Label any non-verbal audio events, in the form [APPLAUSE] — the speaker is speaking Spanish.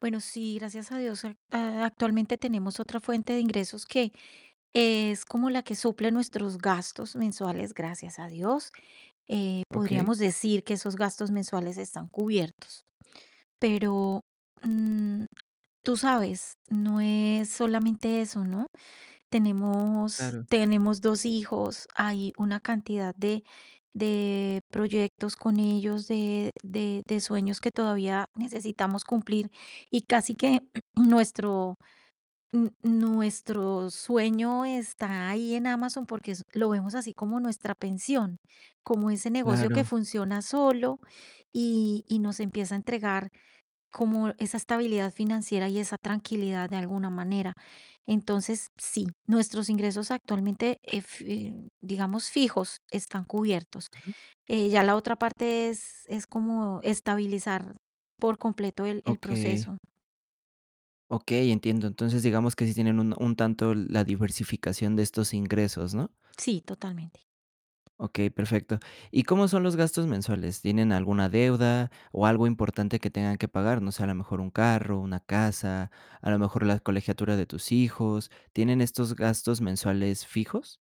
Bueno, sí, gracias a Dios, a a actualmente tenemos otra fuente de ingresos que, es como la que suple nuestros gastos mensuales, gracias a Dios, eh, Okey. podríamos decir que esos gastos mensuales están cubiertos, pero, mm, tú sabes, no es solamente eso, ¿no? Tenemos Claro. tenemos 2 hijos, hay una cantidad de de proyectos con ellos, de de de sueños que todavía necesitamos cumplir, y casi que [CLEARS THROAT] nuestro, n nuestro sueño está ahí en Amazon, porque es lo vemos así como nuestra pensión, como ese negocio que Claro. funciona solo y y nos empieza a entregar como esa estabilidad financiera y esa tranquilidad de alguna manera. Entonces, sí, nuestros ingresos actualmente, ef eh, digamos fijos, están cubiertos, Ajá. eh, ya la otra parte es es como estabilizar por completo el el Okey. proceso. Okey, entiendo. Entonces digamos que sí tienen un un tanto, la diversificación de estos ingresos, ¿no? Sí, totalmente. Okey, perfecto, ¿y cómo son los gastos mensuales? ¿Tienen alguna deuda o algo importante que tengan que pagar? No sé, a lo mejor un carro, una casa, a lo mejor la colegiatura de tus hijos, ¿tienen estos gastos mensuales fijos?